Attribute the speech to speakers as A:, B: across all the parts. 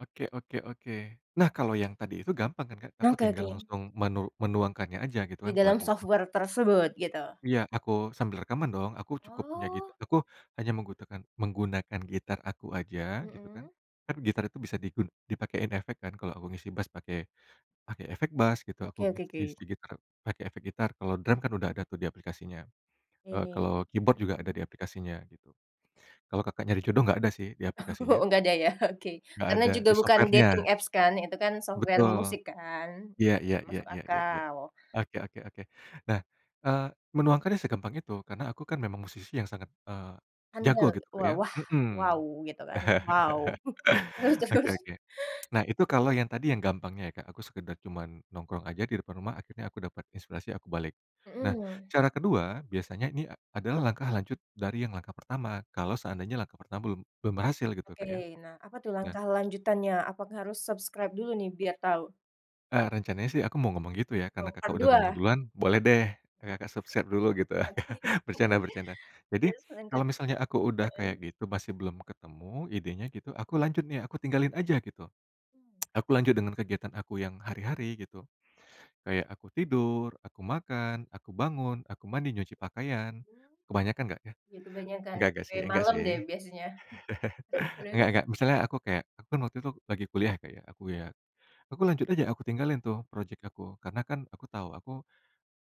A: Oke oke oke. Nah, kalau yang tadi itu gampang kan, Kak?
B: Oh,
A: Aku
B: oke
A: tinggal
B: oke.
A: langsung menu menuangkannya aja gitu
B: Di
A: kan, ke
B: dalam
A: lagu
B: software tersebut, gitu?
A: Iya, aku sambil rekaman dong. Aku cukup punya git
B: Oh!
A: aku hanya menggutakan menggunakan gitar aku aja, gitu kan.
B: Mhm.
A: Kan gitar itu bisa digun dipakein efek kan, kalau aku ngisi bas pakai pakai efek bas, gitu. Aku
B: Oke oke
A: ngis
B: oke.
A: ngisi gitar pakai efek gitar, kalau drum kan udah ada tuh di aplikasinya. Eee,
B: Oke.
A: kalau keyboard juga ada di
B: Hmm.
A: aplikasinya, gitu. Kalau Kakak nyari jodoh, nggak ada sih, di
B: Oh
A: aplikasinya.
B: enggak ada ya? Oke.
A: Nggak
B: Karena
A: ada,
B: juga
A: di
B: bukan dating
A: software-nya.
B: apps, kan? Itu kan software musik,
A: Betul.
B: kan?
A: Iya iya
B: Jadi
A: iya
B: masuk
A: iya iya iya.
B: akal.
A: Oke oke oke. Nah, eee, menuangkannya segampang itu, karena aku kan memang musisi yang sangat, eee, jago
B: [unintelligible]
A: gitu, Kak,
B: wa
A: ya.
B: wah,
A: Mhm.
B: wow, gitu, kan? Wow! Terus
A: Oke
B: terus?
A: oke. Nah, itu kalau yang tadi yang gampangnya ya, Kak. Aku sekedar cuman nongkrong aja di depan rumah, akhirnya aku dapat inspirasi, aku balik. Nah,
B: Mhm.
A: cara kedua biasanya ini adalah langkah lanjut dari yang langkah pertama, kalau seandainya langkah pertama belum belum berhasil gitu,
B: Oke.
A: Kak, ya.
B: Nah, apa tuh
A: Nah
B: langkah lanjutannya? Apakah harus subscribe dulu nih, biar tau?
A: Eee, rencananya sih aku mau ngomong gitu ya, karena
B: Atau, part
A: Kakak udah ngomong
B: 2?
A: duluan, boleh deh Kakak subscribe dulu, gitu.
B: Oke.
A: Bercanda bercanda. Jadi,
B: Terus lanjut
A: kalau misalnya aku udah
B: heeh.
A: kayak gitu masih belum ketemu idenya gitu, aku lanjut nih, aku tinggalin aja, gitu. Aku lanjut dengan kegiatan aku yang hari-hari, gitu. Kayak aku tidur, aku makan, aku bangun, aku mandi, nyuci pakaian,
B: Hmm.
A: kebanyakan nggak, ya?
B: Ya, kebanyakan,
A: Enggak enggak
B: sampai
A: sih, enggak
B: malam
A: sih.
B: deh, biasanya. Mhm.
A: Enggak enggak. Misalnya aku kayak aku kan waktu itu lagi kuliah, ya, Kak, ya. Aku, ya aku lanjut aja, aku tinggalin tuh projek aku, karena kan aku tahu aku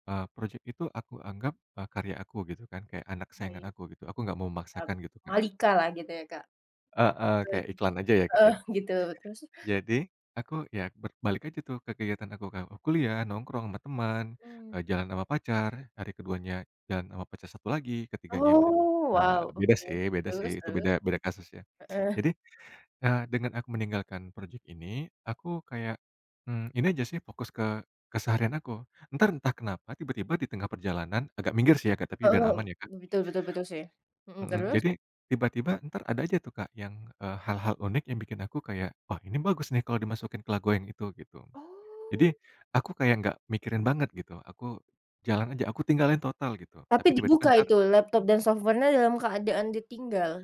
A: eee, projek itu aku anggap, eee, karya aku, gitu kan, kayak anak
B: Oke.
A: kesayangan aku, gitu. Aku nggak mau
B: Ap
A: memaksakan, gitu, Kak.
B: Malika lah, gitu ya, Kak?
A: Heeh.
B: Bet
A: Kayak iklan aja, ya, Kak,
B: Oh,
A: ya?
B: gitu. Terus?
A: Jadi, aku ya berbalik aja tuh ke kegiatan aku, Kak, kuliah, nongkrong sama temen,
B: Mmm.
A: eee, jalan sama pacar, hari keduanya jalan sama pacar satu lagi, ketiganya yang ber
B: Oh!
A: eee,
B: Wow!
A: beda sih
B: Mhm.
A: beda sih,
B: Terus
A: itu beda
B: terus?
A: beda kasus, ya.
B: Heeh.
A: Jadi, eee, dengan aku meninggalkan projek ini, aku kayak, mmm, ini aja sih, fokus ke keseharian aku. Entar entah kenapa, tiba-tiba di tengah perjalanan agak minggir sih ya, Kak, tapi biar
B: Mmm,
A: aman, ya, Kak
B: betul betul betul, sih. Mhm,
A: Mhm.
B: terus?
A: Jadi, tiba-tiba entar ada aja tuh Kak, yang, eee, hal-hal unik yang bikin aku kayak, "Wah, ini bagus nih kalau dimasukin ke lagu yang itu." Gitu. Jadi,
B: Oh!
A: aku kayak nggak mikirin banget gitu, aku jalan aja, aku tinggalin total, gitu.
B: Tapi
A: Tapi tiba-tiba
B: dibuka
A: entar
B: itu? Laptop dan software-nya dalam keadaan ditinggal?